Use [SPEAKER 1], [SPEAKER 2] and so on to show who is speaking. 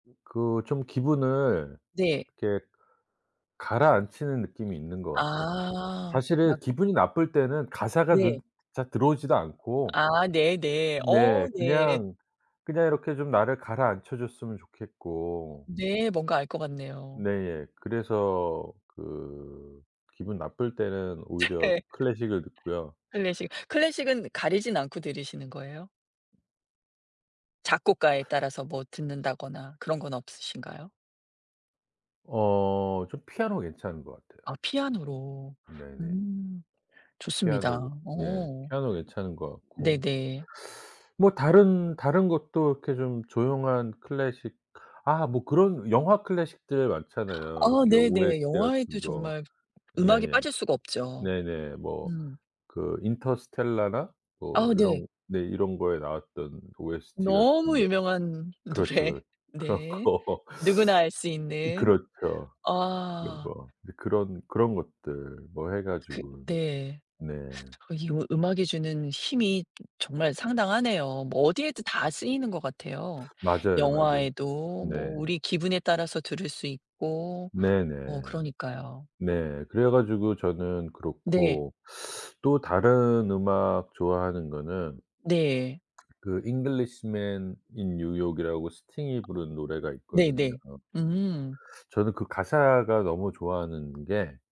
[SPEAKER 1] 으 그 좀 기분을
[SPEAKER 2] 네.
[SPEAKER 1] 이렇게 가라앉히는 느낌이 있는 것 같아요.
[SPEAKER 2] 아.
[SPEAKER 1] 사실은
[SPEAKER 2] 막
[SPEAKER 1] 기분이 나쁠 때는 가사가 눈
[SPEAKER 2] 네.
[SPEAKER 1] 잘 들어오지도 않고
[SPEAKER 2] 아 네네.
[SPEAKER 1] 네
[SPEAKER 2] 어 네.
[SPEAKER 1] 그냥, 그냥 이렇게 좀 나를 가라앉혀 줬으면 좋겠고
[SPEAKER 2] 네. 뭔가 알 것 같네요.
[SPEAKER 1] 네예 그래서 그 기분 나쁠 때는 오히려
[SPEAKER 2] 네
[SPEAKER 1] 클래식을 듣고요.
[SPEAKER 2] 클래식. 클래식은 가리진 않고 들으시는 거예요? 작곡가에 따라서 뭐 듣는다거나 그런 건 없으신가요?
[SPEAKER 1] 어 전 피아노 괜찮은 것 같아요.
[SPEAKER 2] 아 피아노로.
[SPEAKER 1] 네네.
[SPEAKER 2] 음. 좋습니다.
[SPEAKER 1] 피아노 예
[SPEAKER 2] 어.
[SPEAKER 1] 피아노 괜찮은 것 같고.
[SPEAKER 2] 네네.
[SPEAKER 1] 뭐 다른 다른 것도 이렇게 좀 조용한 클래식 아 뭐 그런 영화 클래식들 많잖아요.
[SPEAKER 2] 아
[SPEAKER 1] 요렇게 OST
[SPEAKER 2] 네네. 영화에도
[SPEAKER 1] 같은 거.
[SPEAKER 2] 정말 음악이
[SPEAKER 1] 예예.
[SPEAKER 2] 빠질 수가 없죠.
[SPEAKER 1] 네네. 뭐
[SPEAKER 2] 음.
[SPEAKER 1] 그 인터스텔라나 뭐
[SPEAKER 2] 아 네.
[SPEAKER 1] 이런 네 이런 거에 나왔던 OST 같은
[SPEAKER 2] 너무
[SPEAKER 1] 거는
[SPEAKER 2] 유명한
[SPEAKER 1] 그렇죠,
[SPEAKER 2] 노래.
[SPEAKER 1] 그렇죠. 그런
[SPEAKER 2] 네.
[SPEAKER 1] 거.
[SPEAKER 2] 누구나 알 수
[SPEAKER 1] 으
[SPEAKER 2] 있는.
[SPEAKER 1] 그렇죠. 이런
[SPEAKER 2] 아.
[SPEAKER 1] 거. 이제 그런 그런 것들 뭐 해
[SPEAKER 2] 그
[SPEAKER 1] 가지고
[SPEAKER 2] 네.
[SPEAKER 1] 네.
[SPEAKER 2] 이 으 음악이 주는 힘이 정말 상당하네요. 뭐 어디에도 다 쓰이는 것 같아요.
[SPEAKER 1] 맞아요, 맞아요.
[SPEAKER 2] 영화에도
[SPEAKER 1] 네.
[SPEAKER 2] 뭐 우리 기분에 따라서 들을 수 있고.
[SPEAKER 1] 네네.
[SPEAKER 2] 어 그러니까요.
[SPEAKER 1] 네. 그래 가지고 저는
[SPEAKER 2] 네.
[SPEAKER 1] 그렇고. 또 다른 음악 좋아하는 거는
[SPEAKER 2] 네.
[SPEAKER 1] 그 잉글리시맨 인 뉴욕이라고 스팅이 부른 노래가 있거든요.
[SPEAKER 2] 네네. 음.
[SPEAKER 1] 저는 그 가사가 너무 좋아하는 게